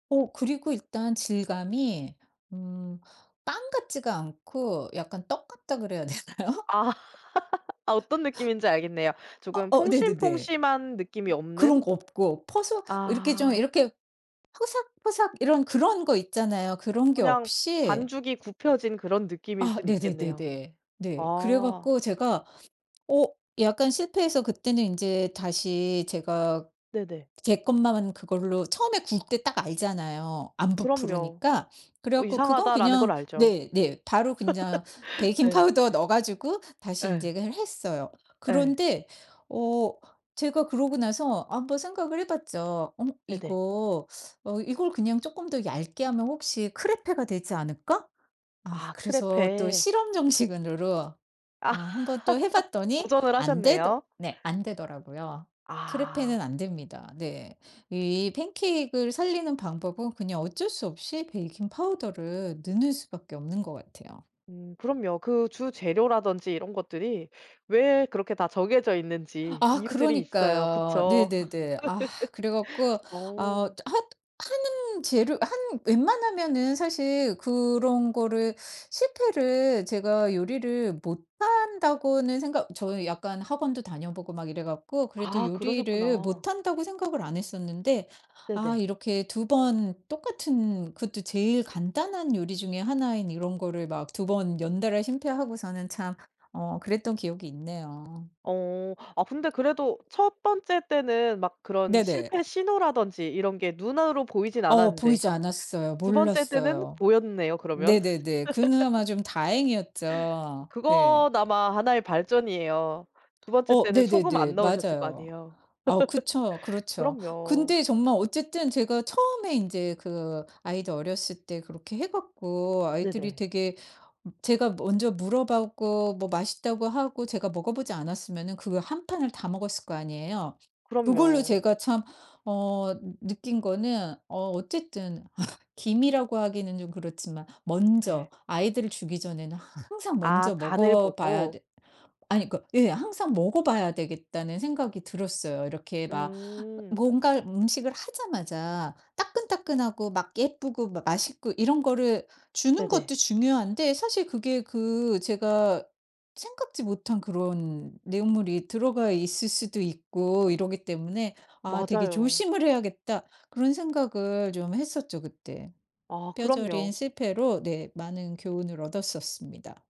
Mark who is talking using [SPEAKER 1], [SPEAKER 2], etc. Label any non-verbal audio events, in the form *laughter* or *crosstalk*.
[SPEAKER 1] 어 그리고 일단 질감이 음 빵 같지가 않고 약간 떡 같다 그래야 되나요?
[SPEAKER 2] 아 *laughs* 어떤 느낌인지 알겠네요.
[SPEAKER 1] 아
[SPEAKER 2] 조금
[SPEAKER 1] 어 네네네.
[SPEAKER 2] 폭신폭신한 느낌이 없는
[SPEAKER 1] 그런 거 없고 퍼석 이렇게 좀
[SPEAKER 2] 아.
[SPEAKER 1] 이렇게 포삭포삭 이런 그런 거 있잖아요. 그런 게
[SPEAKER 2] 그냥
[SPEAKER 1] 없이.
[SPEAKER 2] 반죽이 구워진 그런 느낌일
[SPEAKER 1] 아
[SPEAKER 2] 순 있겠네요.
[SPEAKER 1] 네네네네 네. 그래
[SPEAKER 2] 아.
[SPEAKER 1] 갖고 제가 어 약간 실패해서 그때는 인제 다시 제가
[SPEAKER 2] 네네.
[SPEAKER 1] 제 것만 그걸로 처음에 구울 때 딱 알잖아요. 안
[SPEAKER 2] 그럼요.
[SPEAKER 1] 부푸니까 그래
[SPEAKER 2] 어
[SPEAKER 1] 갖고 그건
[SPEAKER 2] 이상하다라는 걸
[SPEAKER 1] 그냥
[SPEAKER 2] 알죠.
[SPEAKER 1] 네네 바로 그냥
[SPEAKER 2] *laughs* 네.
[SPEAKER 1] 베이킹파우더에 넣어 가지고 다시 인제
[SPEAKER 2] 예.
[SPEAKER 1] 이거를 했어요.
[SPEAKER 2] 예.
[SPEAKER 1] 그런데 어 제가 그러고 나서 한번 생각을 해봤죠. 어
[SPEAKER 2] 네네.
[SPEAKER 1] 이거 어 이걸 그냥 쪼끔 더 얇게 하면 혹시 크레페가 되지 않을까? 아
[SPEAKER 2] 아
[SPEAKER 1] 그래서 또
[SPEAKER 2] 크레페.
[SPEAKER 1] 실험 정신으로
[SPEAKER 2] 아
[SPEAKER 1] 아 1 번 또
[SPEAKER 2] *laughs*
[SPEAKER 1] 해봤더니
[SPEAKER 2] 도전을
[SPEAKER 1] 안 되더
[SPEAKER 2] 하셨네요.
[SPEAKER 1] 네 안 되더라고요.
[SPEAKER 2] 아.
[SPEAKER 1] 크레페는 안 됩니다. 네 이 팬케이크 을 살리는 방법은 그냥 어쩔 수 없이 베이킹파우더를 넣는 수밖에 없는 것 같아요.
[SPEAKER 2] 음 그럼요. 그 주 재료라든지 이런 것들이 왜 그렇게 다 정해져 있는지
[SPEAKER 1] 아
[SPEAKER 2] 이유들이 있어요.
[SPEAKER 1] 그러니까요.
[SPEAKER 2] 그쵸.
[SPEAKER 1] 네네네. 아 그래
[SPEAKER 2] *laughs*
[SPEAKER 1] 갖고 아
[SPEAKER 2] 어.
[SPEAKER 1] 하 하는 재료 한 웬만하면은 사실 그런 거를 실패를 제가 요리를 못한다고는 생각 저는 약간 학원도 다녀보고 막 이래 갖고 그래도
[SPEAKER 2] 아
[SPEAKER 1] 요리를
[SPEAKER 2] 그러셨구나.
[SPEAKER 1] 못한다고 생각을 안 했었는데 아
[SPEAKER 2] 네네.
[SPEAKER 1] 이렇게 2 번 똑같은 그것도 제일 간단한 요리 중의 하나인 이런 거를 막 2 번 연달아 실패하고서는 참 어 그랬던 기억이 있네요.
[SPEAKER 2] 어 아 근데 그래도 1 번째 때는 막 그런
[SPEAKER 1] 네네.
[SPEAKER 2] 실패 신호라든지 이런 게 눈으로 보이진
[SPEAKER 1] 어
[SPEAKER 2] 않았는데,
[SPEAKER 1] 보이지 않았어요.
[SPEAKER 2] 2 번째 때는
[SPEAKER 1] 몰랐어요.
[SPEAKER 2] 보였네요. 그러면.
[SPEAKER 1] 네네네.
[SPEAKER 2] *laughs*
[SPEAKER 1] 그나마 좀 다행이었죠. 네.
[SPEAKER 2] 그건 아마 하나의 발전이에요. 2 번째
[SPEAKER 1] 어
[SPEAKER 2] 때는 소금
[SPEAKER 1] 네네네.
[SPEAKER 2] 안 넣으셨을 거
[SPEAKER 1] 맞아요.
[SPEAKER 2] 아니에요.
[SPEAKER 1] 어우 그쵸.
[SPEAKER 2] *laughs*
[SPEAKER 1] 그렇죠.
[SPEAKER 2] 그럼요.
[SPEAKER 1] 근데 정말 어쨌든 제가 처음에 인제 그 아이들 어렸을 때 그렇게 해 갖고 아이들이
[SPEAKER 2] 네네.
[SPEAKER 1] 되게 제가 먼저 물어봤고 뭐 맛있다고 하고 제가 먹어보지 않았으면은 그걸 1 판을 다 먹었을 거 아니에요. 그걸로
[SPEAKER 2] 그럼요.
[SPEAKER 1] 제가 참 어 느 느낀 거는 어 어쨌든 *laughs* 기미라고 하기는 좀 그렇지만 먼저
[SPEAKER 2] 네.
[SPEAKER 1] 아이들을 주기 전에는 하 항상
[SPEAKER 2] 아
[SPEAKER 1] 먼저
[SPEAKER 2] 간을
[SPEAKER 1] 먹어봐야
[SPEAKER 2] 보고
[SPEAKER 1] 돼 아니 그 예 항상 먹어봐야 되겠다는 생각이 들었어요. 이렇게 막 어
[SPEAKER 2] 음.
[SPEAKER 1] 뭔가 음식을 하자마자 따끈따끈하고 막 예쁘고 막 맛있고 이런 거를 주는
[SPEAKER 2] 네네.
[SPEAKER 1] 것도 중요한데 사실 그게 그 제가 생각지 못한 그런 내용물이 들어가 있을 수도 있고 이러기 때문에 아 되게
[SPEAKER 2] 맞아요.
[SPEAKER 1] 조심을 해야겠다 그런 생각을 좀 했었죠 그때.
[SPEAKER 2] 아
[SPEAKER 1] 뼈저린
[SPEAKER 2] 그럼요.
[SPEAKER 1] 실패로 네 많은 교훈을 얻었었습니다.